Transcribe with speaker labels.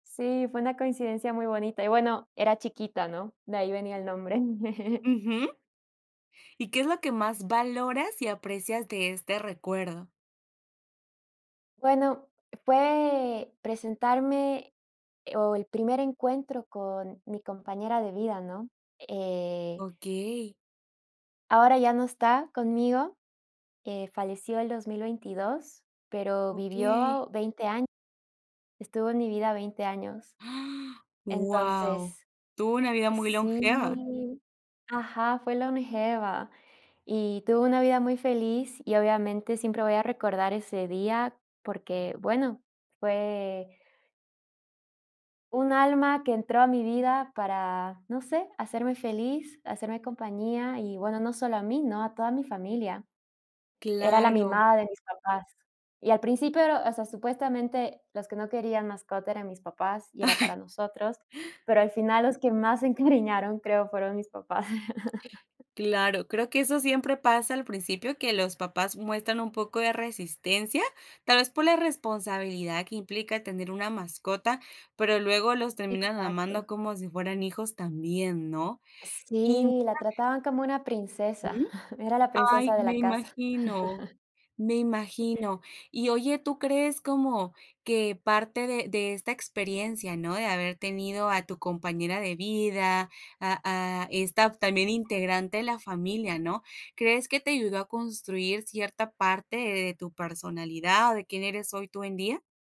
Speaker 1: Sí, fue una coincidencia muy bonita, y, bueno, era chiquita, ¿no? De ahí venía el nombre.
Speaker 2: Ujú. ¿Y qué es lo que más valoras y aprecias de este recuerdo?
Speaker 1: Bueno, fue presentarme, e o, el primer encuentro con mi compañera de vida, ¿no?, eh
Speaker 2: Okey.
Speaker 1: Ahora ya no está conmigo, eh, falleció el 2022, pero
Speaker 2: Okey.
Speaker 1: vivió 20 años. Estuvo en mi vida 20 años.
Speaker 2: Guau,
Speaker 1: Entonces.
Speaker 2: tuvo una vida muy longeva.
Speaker 1: Sí. Ajá, fue longeva, y tuvo una vida muy feliz, y, obviamente, siempre voy a recordar ese día, porque, bueno, fue un alma que entró a mi vida para, no sé, hacerme feliz, hacerme compañía y, bueno, no solo a mí, ¿no? A toda mi familia. Era la
Speaker 2: Claro.
Speaker 1: mimada de mis papás. Y al principio era o sea, supuestamente, los que no querían mascota eran mis papás, y era para nosotros, pero al final los que más se encariñaron, creo, fueron mis papás.
Speaker 2: Claro, creo que eso siempre pasa al principio, que los papás muestran un poco de resistencia, tal vez por la responsabilidad que implica tener una mascota, pero luego los terminan
Speaker 1: Exacto.
Speaker 2: amando como si fueran hijos también, ¿no? Y
Speaker 1: Sí, la trataban como una
Speaker 2: [unintelligible]
Speaker 1: princesa,
Speaker 2: Ujú.
Speaker 1: era la
Speaker 2: Ay,
Speaker 1: princesa de
Speaker 2: me
Speaker 1: la casa.
Speaker 2: imagino, me imagino. Y, oye, tú crees como que parte de de esta experiencia, ¿no? De haber tenido a tu compañera de vida, a a esta, también, integrante de la familia, ¿no? ¿Crees que te ayudó a construir cierta parte de tu personalidad, de quién eres hoy, tú, en día?